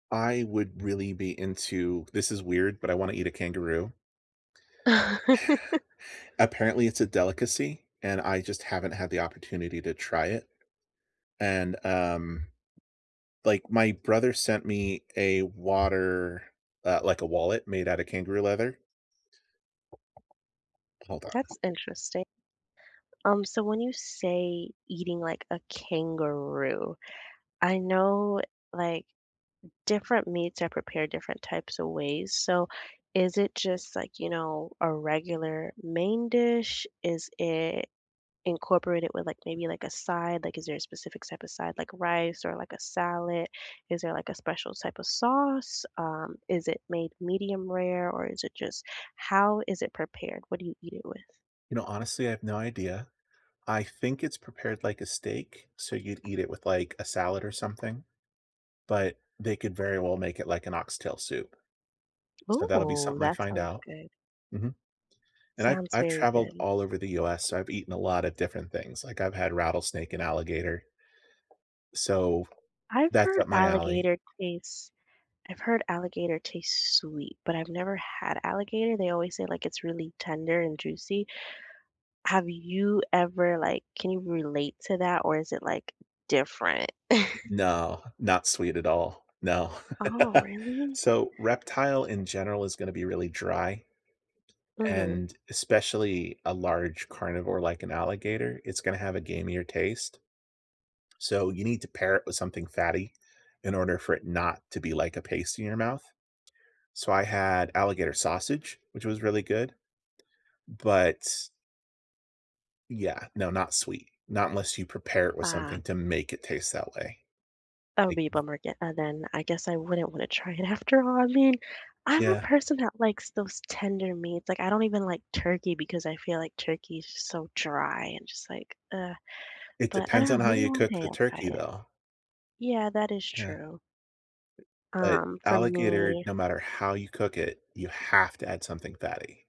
I would really be into this is weird, but I wanna eat a kangaroo. Apparently, it's a delicacy, and I just haven't had the opportunity to try it, and, um, like, my brother sent me a water, uh like, a wallet made out of kangaroo leather. Hold on. That's interesting. Um, so when you say eating, like, a kangaroo, I know, like, different meats are prepared different types of ways, so is it just, like, you know, a regular main dish? Is it incorporated with, like, maybe, like, a side? Like, is there a specific type of side like rice or, like, a salad? Is there, like, a special type of sauce? Um, is it made medium rare, or is it just how is it prepared? What do you eat it with? You know, honestly, I have no idea. I think it's prepared like a steak, so you'd eat it with, like, a salad or something, but they could very well make it like an oxtail soup. So, that'll be Ooh, something I that find sounds out. good. Mhm. And I've Sounds I've very traveled good. all over the US, so I've eaten a lotta different things, like, I've had rattlesnake and alligator so, I've that's heard up my alley. alligator taste I've heard alligator taste sweet, but I've never had alligator. They always say, like, it's really tender and juicy. Have you ever like, can you relate to that, or is it, like, different? N no, not sweet at all. No. Oh, really? So, reptile in general is gonna be really dry, Mhm. and especially a large carnivore like an alligator, it's gonna have a gamier taste. So, you need to pair it with something fatty in order for it not to be like a paste in your mouth. So, I had alligator sausage, which was really good. But Yeah, no, not sweet. Not unless you prepare it with something Ah. to make it taste that way. That would Like be a v bummer ge uh, then, I guess I wouldn't wanna try it after all, I mean, I'm a Yeah. person that likes those tender meats, like, I don't even like turkey because I feel like turkey's so dry and just like, ugh, It but I depends don't know, on how maybe you one cook day the I'll try turkey, it. though. Yeah, that is Yeah. true. But Um, for alligator, me no matter how you cook it, you have to add something fatty.